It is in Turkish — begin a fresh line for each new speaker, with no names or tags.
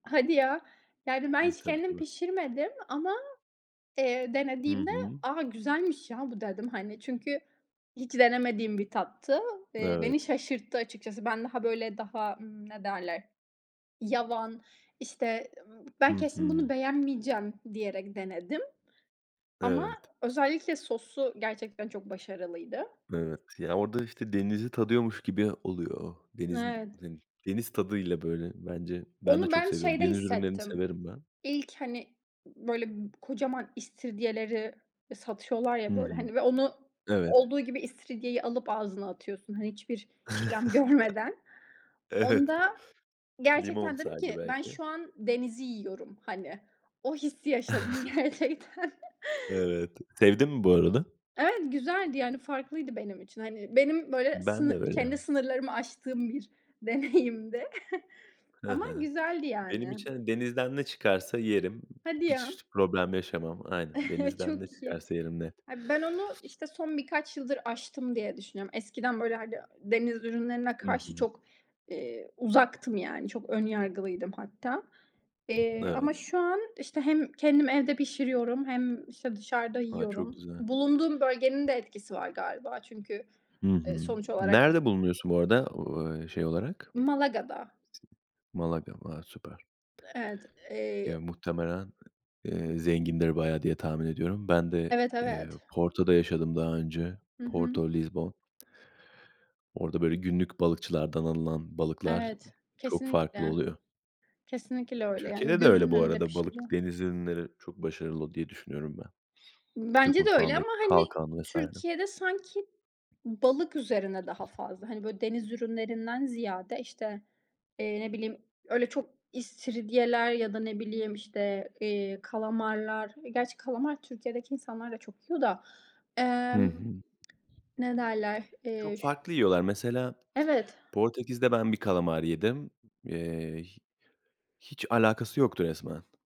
Hadi ya! Yani ben
Iıı,
hiç
tabii,
kendim
tabii.
pişirmedim ama, eee,
Hı
denediğimde,
hı.
"A, güzelmiş ya bu," dedim, hani, çünkü hiç denemediğim bir tattı. Eee, beni
Evet.
şaşırttı açıkçası. Ben daha böyle daha, ımm, ne derler? Yavan, işte, ımm,
I
"Ben kesin bunu
hı.
beğenmeyeceğim," diyerek denedim ama
Evet.
özellikle sosu gerçekten çok başarılıydı.
Evet. Ya, orada, işte, denizi tadıyormuş gibi oluyor, denizin,
Evet.
hani, i deniz tadıyla böyle bence. Ben de
Onu
çok
ben
seviyorum,
şeyde
deniz ürünlerini
hissettim.
severim ben.
İlk, hani, ı böyle, b kocaman istiridyeleri e satıyorlar
Hı
ya böyle,
hı.
hani, ve onu
Evet.
olduğu gibi istiridyeyi alıp ağzına atıyorsun, hani, hiçbir işlem görmeden.
Evet,
Onda
limon
gerçekten dedim
sadece
ki "Ben
belki.
şu an denizi yiyorum," hani, o hissi yaşadım gerçekten.
Evet. Sevdin mi bu arada?
Evet, güzeldi, yani farklıydı benim için. Hani, benim böyle
Ben de
sını
öyle.
kendi sınırlarımı aştığım bir deneyimdi.
He
Ama
he.
güzeldi,
Benim
yani.
için denizden ne çıkarsa yerim,
Hadi ya!
[unintelligible] problem yaşamam. Aynen, denizden ne
Çok iyi!
çıkarsa yerim, net.
He, ben onu, işte, son birkaç yıldır aştım, diye düşünüyorum. Eskiden böyle, hani, deniz ürünlerine
Hı
karşı
hı.
çok, eee, uzaktım. Yani çok ön yargılıydım hatta, eee, ama
Evet.
şu an işte hem kendim evde pişiriyorum hem işte dışarıda
A! Çok
yiyorum.
güzel.
Bulunduğum bölgenin de etkisi var galiba, çünkü,
Hı
eee,
hı.
sonuç olarak
Nerede bulunuyorsun bu arada, o e şey olarak?
Malaga'da.
Sin Malaga. Va Süper.
Evet, eee
Ya, muhtemelen, eee, zengindir bayağı diye, tahmin ediyorum. Ben de,
Evet,
eee,
evet!
Porto'da yaşadım daha önce.
Hı hı.
Porto, Lizbon. Orada böyle günlük balıkçılardan alınan balıklar ı
Evet,
çok farklı
kesinlikle!
oluyor.
Kesinlikle öyle, yani,
Türkiye'de de öyle
gözünün
bu
önünde
arada. Balık,
pişiriyor.
deniz ürünleri çok başarılı diye, düşünüyorum ben.
Imm,
Türk
bence de öyle ama,
mutfağındaki
hani,
kalkan vs.
Türkiye'de sanki ı balık üzerine daha fazla. Hani, böyle deniz ürünlerinden ziyade, işte, eee, ne bileyim öyle çok istiridyeler ya da ne bileyim, işte, eee, kalamarlar E, gerçi kalamar Türkiye'deki insanlar da çok yiyor da.
Hı
Emm,
hı.
ne derler? Eee,
Çok
şü
farklı yiyorlar. Mesela
Evet.
Portekiz'de ben bir kalamar yedim. Eee, hi hiç alakası yoktu resmen!